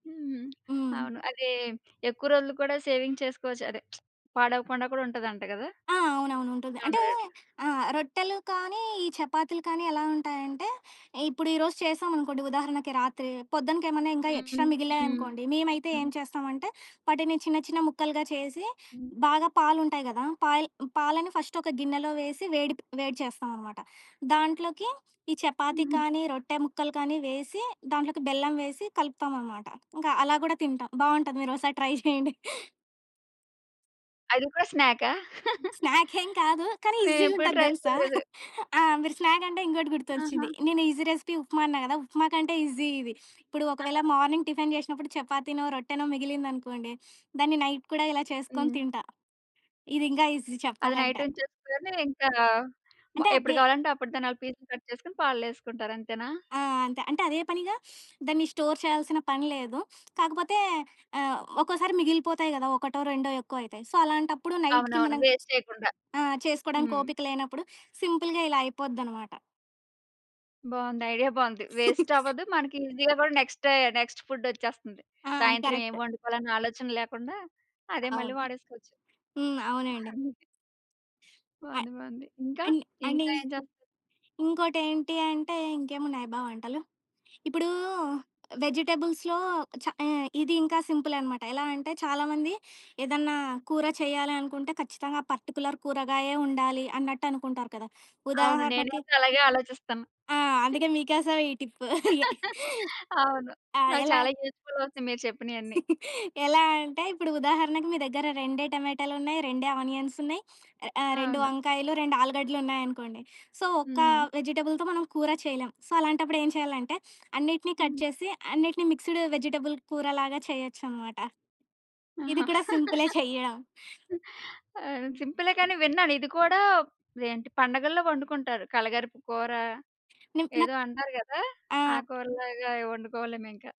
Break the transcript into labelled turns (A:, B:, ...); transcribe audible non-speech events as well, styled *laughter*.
A: హ్మ్.
B: హ్మ్.
A: అవును. అదీ ఎక్కువ రోజులు కూడా సేవింగ్ చేసుకోవచ్చు. అదే *smacks lips* పాడవకుండా కూడా ఉంటదంట గదా!
B: ఆ! అవునవును. ఉంటుంది.
A: జొన్న
B: అంటే
A: రొట్లు.
B: ఆహ్, రొట్టెలు కానీ ఈ చపాతీలు కానీ ఎలా ఉంటాయంటే, ఇప్పుడు ఈ రోజు చేసామనుకోండి. ఉదాహరణకి రాత్రి. పొద్దునకి ఏమన్నా ఇంకా
A: హుహు.
B: ఎక్స్‌ట్రా
A: హ్మ్.
B: మిగిలాయనుకోండి, మేమైతే ఏం చేస్తామంటే, వాటిని చిన్న చిన్న ముక్కలుగా చేసి
A: హ్మ్.
B: బాగా పాలుంటాయి గదా! పాయ్ పాలని ఫస్ట్ ఒక గిన్నెలో వేసి, వేడి ప్ వేడి చేస్తాం అనమాట. దాంట్లోకి ఈ చపాతీ
A: హుహు.
B: కానీ రొట్టె ముక్కలు కానీ వేసి, దాంట్లోకి బెల్లం వేసి కలుపుతాం అనమాట. ఇంకా అలా గూడా తింటాం. బావుంటది. మీరోసారి ట్రై జేయండి. *giggles*
A: అది కూడ స్నాకా? *chuckles*
B: స్నాక్ ఏం కాదు. కానీ ఈజీ
A: నేనెప్పుడు
B: గుంటది
A: ట్రై
B: దెలుసా.
A: చేయలేదు.
B: *chuckles* ఆ! మీరు స్నాక్ అంటే ఇంకోటి
A: ఆహా!
B: గుర్తొచ్చింది. నేను ఈజీ రెసిపీ ఉప్మా అన్నా గదా! ఉప్మా కంటే ఈజీ ఇది. ఇప్పుడు ఒకవేళ
A: ఆ!
B: మార్నింగ్ టిఫెన్ జేశినప్పుడు చపాతీనో, రొట్టెనో, మిగిలిందనుకోండి. *sniffs* దాన్ని నైట్ కూడా ఇలా చేసుకొని
A: హ్మ్.
B: తింటా. ఇది ఇంకా ఈజీ
A: అది నైట్
B: చెప్పాలంటే.
A: ఉంచేసుకొని, ఇంకా మా
B: అంటే
A: ఎప్పుడు
B: అద్దే
A: కావాలంటే అప్పుడు దాన్న‌లా పీసులు కట్ చేసుకొని, పాలల్లో ఏసుకుంటారు. అంతేనా?
B: ఆ! అంతే. అంటే అదే పనిగా *sniffs* దాన్ని స్టోర్ చేయాల్సిన పని లేదు. కాకపోతే ఆహ్, ఒక్కోసారి మిగిలిపోతయి గదా! ఒకటో రెండో ఎక్కువయితే. సో, అలాంటప్పుడు నైట్‌కి
A: అవునవును.
B: మనం
A: వేస్ట్ చేయకుండా.
B: ఆ! చేసుకోడానికి
A: హ్మ్.
B: ఓపిక లేనప్పుడు సింపుల్‌గా ఇలా అయిపోద్దనమాట.
A: బావుంది. ఐడియా బావుంది. వేస్ట్ అవ్వదు
B: *chuckles*
A: మనకి ఈజీ‌గా గూడా నెక్స్ట్ డే నెక్స్ట్ ఫు‌డ్ ఒచ్చేస్తంది.
B: ఆ!
A: సాయంత్రం ఏం
B: కరెక్ట్.
A: వండుకోవాలన్న ఆలోచన లేకుండా అదే మళ్ళీ
B: అవును.
A: వాడేసుకోవచ్చు.
B: హ్మ్. అవునండి.
A: అంతే.
B: అ
A: బావుంది బావుంది. ఇంకా?
B: అండ్ అండ్
A: ఇంకా ఏం చే
B: ఇంకో ఇంకోటేంటి అంటే, ఇంకేమున్నాయబ్బా వంటలు! ఇప్పుడూ, వెజిటబుల్స్‌లో చా ఏ ఇది ఇంకా సింపులె అనమాట. ఎలా అంటే చాలామంది ఏదన్నా కూర చెయ్యాలి అనుకుంటే ఖచ్చితంగా పర్టిక్యులర్ కూరగాయే ఉండాలి అన్నట్టు అనుకుంటారు కదా!
A: అవును.
B: ఉదాహరణకి
A: నేనైతే అలాగే ఆలోచిస్తాను.
B: ఆ! అందుకే
A: *chuckles*
B: మీ కోసమే ఈ టిప్. *chuckles* యే
A: *laughs* అవును.
B: ఆ!
A: నాకు
B: ఎలా
A: చాలా యూజ్‌ఫుల్ అవుతాయి. మీరు చెప్పినియన్ని.
B: *chuckles* ఎలా అంటే ఇప్పుడు ఉదాహరణకు మీ దగ్గర రెండే టమాటాలున్నయి, రెండే ఆనియన్స్ ఉన్నయి, *sniffs* ఆహ్, ఆ 2
A: అవును.
B: వంకాయలు, 2 ఆలుగడ్డలు ఉన్నాయనుకోండి. సో, ఒక్క
A: హ్మ్.
B: వెజిటబుల్‌తో మనం కూర చేయలేం. సో, అలాంటప్పుడు ఏం చేయాలంటే, అన్నిటిని కట్
A: హ్మ్.
B: చేసి అన్నిటిని మిక్స్‌డ్ వెజిటబుల్ కూర లాగా చేయొచ్చన‌మాట. ఇది
A: ఆహా!
B: కూడా సింపులే చెయ్యడం.
A: *chuckles* అ ఆహ్,
B: హ్మ్.
A: సింపులే. కానీ విన్నాను ఇది కూడా ఏంటి పండగల్లో ఒండుకుంటారు. కలగరుపు కూర,
B: నిమ్ నాక్
A: ఏదో అంటారు గదా! ఆ
B: ఆ!
A: కూర లాగా అయి ఒండుకోవా‌లేమో ఇంకా.